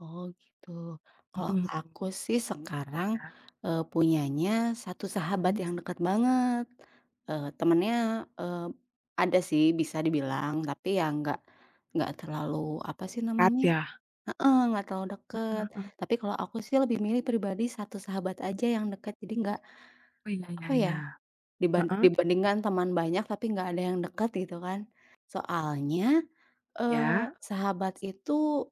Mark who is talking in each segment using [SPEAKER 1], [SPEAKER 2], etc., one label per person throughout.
[SPEAKER 1] Oh, gitu, kalau
[SPEAKER 2] Mhm,
[SPEAKER 1] aku sih, sekarang,
[SPEAKER 2] ya.
[SPEAKER 1] e punyanya satu sahabat
[SPEAKER 2] Mhm.
[SPEAKER 1] yang dekat banget. E temannya, e ada sih, bisa dibilang tapi ya enggak enggak terlalu, apa sih
[SPEAKER 2] Kat
[SPEAKER 1] namanya,
[SPEAKER 2] ya.
[SPEAKER 1] heeh, enggak terlalu dekat.
[SPEAKER 2] Mhm, hmm.
[SPEAKER 1] Tapi kalau aku sih, lebih milih pribadi 1 sahabat aja yang dekat, jadi enggak,
[SPEAKER 2] Oh, iya iya
[SPEAKER 1] apa ya,
[SPEAKER 2] iya.
[SPEAKER 1] diban
[SPEAKER 2] Heeh.
[SPEAKER 1] dibandingkan teman banyak tapi enggak ada yang dekat gitu kan. Soalnya, e
[SPEAKER 2] Ya.
[SPEAKER 1] sahabat itu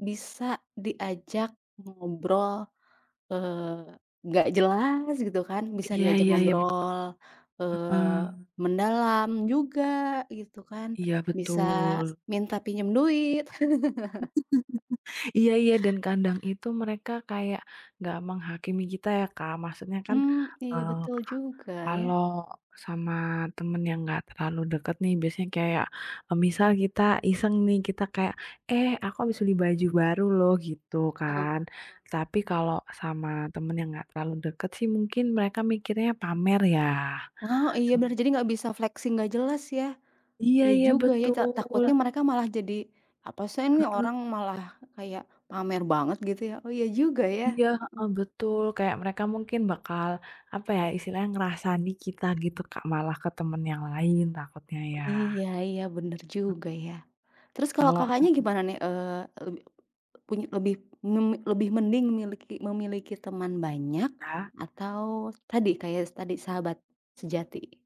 [SPEAKER 1] bisa diajak ngobrol, e enggak jelas gitu kan, bisa
[SPEAKER 2] Iya
[SPEAKER 1] diajak
[SPEAKER 2] iya iya betul.
[SPEAKER 1] ngobrol, eee,
[SPEAKER 2] Heeh.
[SPEAKER 1] mendalam juga gitu kan,
[SPEAKER 2] Iya
[SPEAKER 1] bisa
[SPEAKER 2] betul.
[SPEAKER 1] minta pinjam duit.
[SPEAKER 2] Iya iya dan kadang itu mereka kayak enggak menghakimi kita ya, Kak. Maksudnya kan,
[SPEAKER 1] Mmm,
[SPEAKER 2] e
[SPEAKER 1] iya betul
[SPEAKER 2] ka
[SPEAKER 1] juga ya.
[SPEAKER 2] kalau sama temen yang enggak terlalu dekat nih, biasanya kayak, e misal kita iseng nih, kita kayak, "Eh aku habis beli baju baru loh," gitu
[SPEAKER 1] E
[SPEAKER 2] kan. Tapi kalau sama teman yang enggak terlalu dekat sih, mungkin mereka mikirnya, "Pamer ya."
[SPEAKER 1] Wow, iya
[SPEAKER 2] Sem
[SPEAKER 1] bener. Jadi enggak bisa flexing enggak jelas ya.
[SPEAKER 2] Iya
[SPEAKER 1] Iya
[SPEAKER 2] iya
[SPEAKER 1] juga ya ja
[SPEAKER 2] betul.
[SPEAKER 1] takutnya mereka malah jadi, "Apa sih nih,
[SPEAKER 2] Heeh.
[SPEAKER 1] orang malah kayak pamer banget gitu ya." Oh, iya juga ya.
[SPEAKER 2] Iya, heeh,
[SPEAKER 1] Heeh.
[SPEAKER 2] betul, kayak mereka mungkin bakal, apa ya, istilahnya ngrasani kita gitu, Kak, malah ke teman yang lain takutnya
[SPEAKER 1] Oh,
[SPEAKER 2] ya.
[SPEAKER 1] iya iya, bener juga ya. Terus kalau
[SPEAKER 2] Kalau
[SPEAKER 1] Kakaknya
[SPEAKER 2] samaan.
[SPEAKER 1] gimana nih, eee leb punya, lebih mun lebih mending miliki memiliki teman banyak
[SPEAKER 2] Ah.
[SPEAKER 1] atau tadi, kayak tadi, sahabat sejati?